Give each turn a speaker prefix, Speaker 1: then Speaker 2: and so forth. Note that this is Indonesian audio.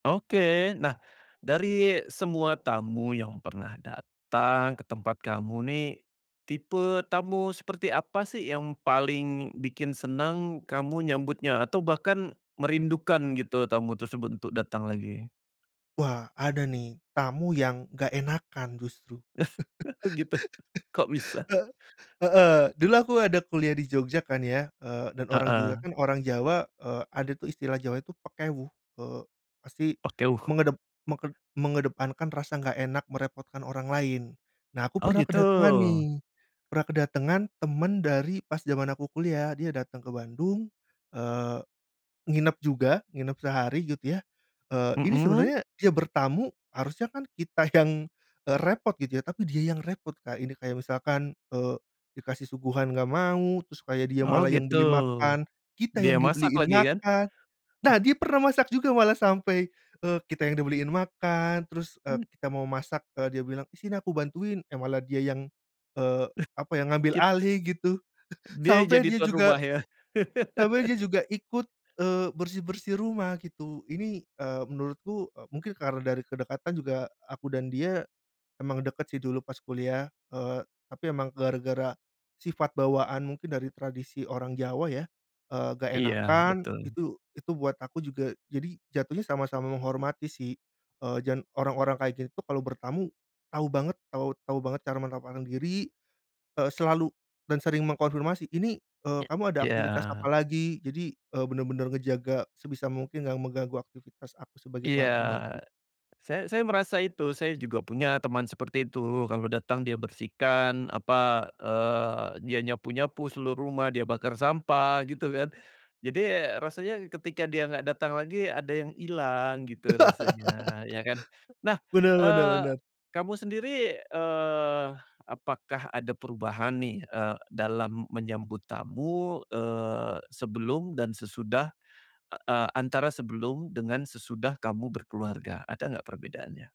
Speaker 1: Oke nah dari semua tamu yang pernah datang ke tempat kamu nih, tipe tamu seperti apa sih yang paling bikin senang kamu nyambutnya, atau bahkan merindukan gitu tamu tersebut untuk datang lagi?
Speaker 2: Wah ada nih tamu yang nggak enakan justru.
Speaker 1: Oh, gitu? Kok bisa?
Speaker 2: Hee heeh. Dulu aku ada kuliah di Jogja kan ya, eee, dan orang Jogja
Speaker 1: Heeh.
Speaker 2: kan orang Jawa. Eee, ada tuh istilah Jawa itu pekewuh. Eee, pasti
Speaker 1: Oke, wuh.
Speaker 2: mengedep meket mengedepankan rasa nggak enak merepotkan orang lain. Nah, aku
Speaker 1: Oh
Speaker 2: pernah
Speaker 1: gitu.
Speaker 2: kedatangan nih, pernah kedatangan teman dari pas jaman aku kuliah. Dia datang ke Bandung, eee, nginep juga, nginep sehari gitu ya. Eee, ini
Speaker 1: Mhm.
Speaker 2: sebenarnya dia bertamu, harusnya kan kita yang, eee, repot gitu ya. Tapi dia yang repot, Kak. Ini kayak misalkan, eee, dikasih suguhan nggak mau. Terus kayak dia
Speaker 1: Oh
Speaker 2: malah yang
Speaker 1: gitu.
Speaker 2: beli makan, kita
Speaker 1: Dia
Speaker 2: yang
Speaker 1: masak
Speaker 2: dibeliin
Speaker 1: lagi kan?
Speaker 2: makan. Nah,
Speaker 1: Ah.
Speaker 2: dia pernah masak juga. Malah sampai, eee, kita yang dibeliin makan. Terus, eee,
Speaker 1: Mmm.
Speaker 2: kita mau masak, eee, dia bilang, “Ih, sini aku bantuin.” Eh malah dia yang, eee,
Speaker 1: Eh,
Speaker 2: apa ya, ngambil
Speaker 1: kit
Speaker 2: alih gitu.
Speaker 1: Dia
Speaker 2: Sampai
Speaker 1: jadi
Speaker 2: dia
Speaker 1: tuan rumah
Speaker 2: juga
Speaker 1: ya.
Speaker 2: sampai dia juga ikut, eee, bersih-bersih rumah gitu. Ini, eee, menurutku, eee, mungkin karena dari kedekatan juga aku dan dia. Emang deket sih dulu pas kuliah. Eee, tapi emang gara-gara sifat bawaan mungkin dari tradisi orang Jawa ya. Eee, nggak
Speaker 1: Iya
Speaker 2: enakan
Speaker 1: betul.
Speaker 2: itu, itu buat aku juga jadi jatuhnya sama-sama menghormati sih. Eee, dan orang-orang kayak gitu tuh kalau bertamu tahu banget, tahu tahu banget cara menempatkan diri. Eee, selalu dan sering mengkonfirmasi, “Ini, eee,
Speaker 1: E
Speaker 2: kamu ada aktivitas apa
Speaker 1: ya.
Speaker 2: lagi?” Jadi, eee, bener-bener ngejaga sebisa mungkin nggak mengganggu aktivitas aku sebagai
Speaker 1: Iya,
Speaker 2: tuan rumah sih.
Speaker 1: say saya merasa itu. Saya juga punya teman seperti itu. Kalau datang, dia bersihkan apa, eee, dia nyapu nyapu seluruh rumah, dia bakar sampah gitu kan. Jadi rasanya ketika dia nggak datang lagi, ada yang hilang gitu rasanya ya kan. Nah,
Speaker 2: Bener bener
Speaker 1: eee,
Speaker 2: bener.
Speaker 1: kamu sendiri, eee, apakah ada perubahan nih, eee, dalam menyambut tamu? Eee, sebelum dan sesudah, eee, antara sebelum dengan sesudah kamu berkeluarga, ada nggak perbedaannya?